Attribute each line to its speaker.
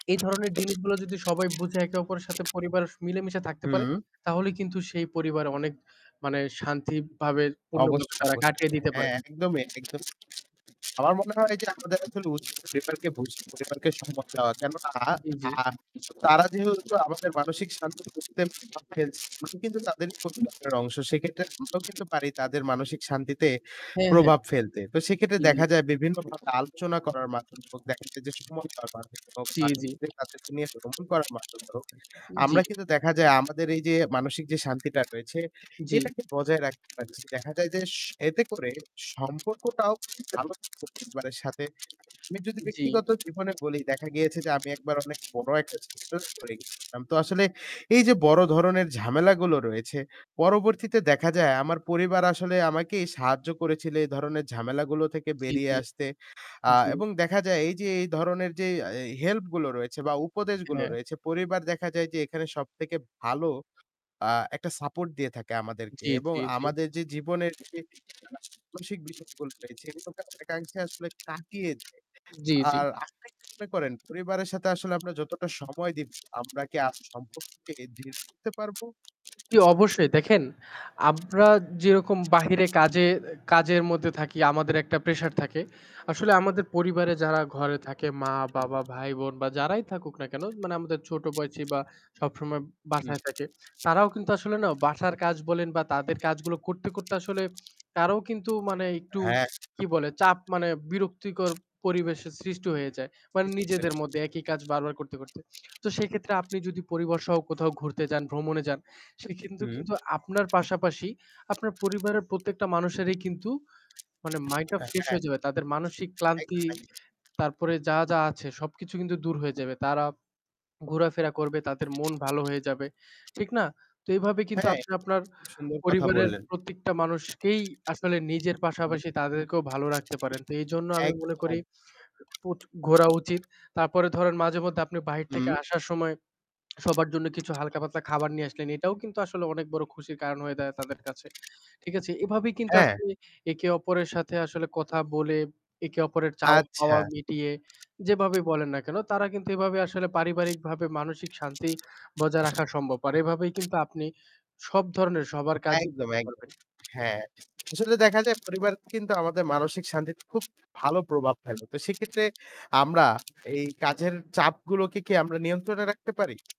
Speaker 1: এই ধরনের জিনিসগুলো যদি সবাই বুঝে একে অপরের সাথে পরিবার মিলেমিশে থাকতে পারে
Speaker 2: হুম।
Speaker 1: তাহলে কিন্তু সেই পরিবার অনেক মানে শান্তিভাবে পূর্ণভাবে
Speaker 2: অবশ্যই,
Speaker 1: তারা
Speaker 2: অবশ্যই।
Speaker 1: কাটিয়ে দিতে
Speaker 2: হ্যাঁ
Speaker 1: পারে।
Speaker 2: একদমই, একদমই। আমার মনে হয় যে আমাদের আসলে উচিত পরিবারকে বুঝ পরিবারকে সময় দেওয়া। কেননা
Speaker 1: জ্বী, জ্বী।
Speaker 2: আহ তারা যেহেতু আমাদের মানসিক শান্তি বুঝতে [unintelligible] কিন্তু তাদের পরিবারের অংশ। সেক্ষেত্রে আমরাও কিন্তু পারি তাদের মানসিক শান্তিতে
Speaker 1: হ্যাঁ, হ্যাঁ।
Speaker 2: প্রভাব ফেলতে। তো সেক্ষেত্রে
Speaker 1: জ্বি, জ্বি।
Speaker 2: দেখা যায় বিভিন্নভাবে আলোচনা করার মাধ্যমে হোক দেখা যায় যে সময়টা মাধ্যমে হোক
Speaker 1: জ্বি,
Speaker 2: বা
Speaker 1: জ্বি।
Speaker 2: [unintelligible] তাদেরকে নিয়ে ভ্রমন করার মাধ্যমে হোক
Speaker 1: জ্বী।
Speaker 2: আমরা কিন্তু দেখা যায় আমাদের এই যে মানসিক যে শান্তিটা রয়েছে
Speaker 1: জ্বি।
Speaker 2: এটাকে বজায় রাখতে পারছি। দেখা যায় যে এতে করে সম্পর্কটাও ভালো থাকছে পরিবারের সাথে। আমি যদি
Speaker 1: জ্বি।
Speaker 2: ব্যক্তিগত জীবনে বলি দেখা গিয়েছে যে আমি একবার অনেক বড় একটা সিচুয়েশনে পরে গেছিলাম। তো আসলে এই যে বড় ধরনের ঝামেলাগুলো রয়েছে পরবর্তীতে দেখা যায় আমার পরিবার আসলে আমাকেই সাহায্য করেছিলে এই ধরনের ঝামেলাগুলো থেকে
Speaker 1: জ্বি,
Speaker 2: বেরিয়ে
Speaker 1: জ্বি।
Speaker 2: আসতে। আহ
Speaker 1: জ্বী।
Speaker 2: এবং দেখা যায় এই যে এই ধরনের যে এহ হেল্পগুলো রয়েছে বা উপদেশগুলো
Speaker 1: হ্যাঁ।
Speaker 2: রয়েছে পরিবার দেখা যায় যে এখানে সবথেকে ভালো আ একটা সাপোর্ট দিয়ে থাকে আমাদেরকে
Speaker 1: জ্বি,
Speaker 2: এবং
Speaker 1: জ্বি, জ্বি।
Speaker 2: আমাদের যে জীবনের মানসিক বিষয়গুলো রয়েছে সেগুলোকে অনেকাংশে আসলে কাটিয়ে দেয়।
Speaker 1: জ্বী, জ্বী।
Speaker 2: আর আপনি কি মনে করেন পরিবারের সাথে আসলে আমরা যতটা সময় দিব আমরা কি আ সম্পর্ককে দৃঢ় করতে পারব?
Speaker 1: জ্বি অবশ্যই। দেখেন আমরা যেরকম বাহিরে কাজের কাজের মধ্যে থাকি আমাদের একটা প্রেশার থাকে আসলে আমাদের পরিবারে যারা ঘরে থাকে মা-বাবা ভাই-বোন বা যারাই থাকুক না কেন মানে আমাদের ছোটো বয়সি বা সবসময় বাসায়
Speaker 2: হুম।
Speaker 1: থাকে তারাও কিন্তু আসলে না বাসার কাজ বলেন বা তাদের কাজগুলো করতে, করতে আসলে তারাও কিন্তু মানে একটু
Speaker 2: হ্যাঁ।
Speaker 1: কি বলে চাপ মানে বিরক্তিকর পরিবেশের সৃষ্টি হয়ে যায়। মানে নিজেদের
Speaker 2: [unintelligible]
Speaker 1: মধ্যে একই কাজ বারবার করতে, করতে। তো সেক্ষেত্রে আপনি যদি পরিবারসহ কোথাও ঘুরতে যান ভ্রমণে যান সে কিন্তু,
Speaker 2: হু।
Speaker 1: কিন্তু আপনার পাশাপাশি আপনার পরিবারের প্রত্যেকটা মানুষেরই কিন্তু মানে মাইন্ডটা
Speaker 2: এ
Speaker 1: ফ্রেশ
Speaker 2: হ্যাঁ।
Speaker 1: হয়ে যাবে। তাদের মানসিক
Speaker 2: একদম,
Speaker 1: ক্লান্তি
Speaker 2: একদম।
Speaker 1: তারপরে যা, যা আছে সবকিছু কিন্তু দূর হয়ে যাবে তারা ঘোরাফেরা করবে তাদের মন ভালো হয়ে যাবে, ঠিক না? তো এভাবে কিন্তু
Speaker 2: হ্যাঁ
Speaker 1: আপনি
Speaker 2: এটা
Speaker 1: আপনার
Speaker 2: কিন্তু খুব সুন্দর কথা
Speaker 1: পরিবারের
Speaker 2: বললেন।
Speaker 1: প্রত্যেকটা মানুষকেই আসলে নিজের
Speaker 2: হুম
Speaker 1: পাশাপাশি তাদেরকেও ভালো রাখতে পারেন। তো এইজন্য আমি মনে করি
Speaker 2: একদম।
Speaker 1: প্র ঘোরা উচিত। তারপরে ধরেন মাঝেমধ্যে আপনি বাহির থেকে
Speaker 2: হু।
Speaker 1: আসার সময় সবার জন্য কিছু হালকা পাতলা খাবার নিয়ে আসলেন এটাও কিন্তু আসলে অনেক বড় খুশির কারণ হয়ে দাঁড়ায় তাদের কাছে। ঠিক আছে এভাবেই কিন্তু
Speaker 2: হ্যাঁ।
Speaker 1: আসলে একে অপরের সাথে আসলে কথা বলে একে অপরের চাওয়া পাওয়া
Speaker 2: আচ্ছা।
Speaker 1: মিটিয়ে, যেভাবে বলেন না কেন তারা কিন্তু এভাবে আসলে পারিবারিকভাবে মানসিক শান্তি বজায় রাখা সম্ভব। আর এভাবেই কিন্তু আপনি সব ধরনের সবার কাজই
Speaker 2: একদম,
Speaker 1: করতে
Speaker 2: একদম।
Speaker 1: পারবেন।
Speaker 2: হ্যাঁ। আসলে দেখা যায় পরিবার কিন্তু আমাদের মানসিক শান্তিতে খুব ভালো প্রভাব ফেলে। তো সেক্ষেত্রে আমরা এই কাজের চাপগুলোকে কি আমরা নিয়ন্ত্রণে রাখতে পারি?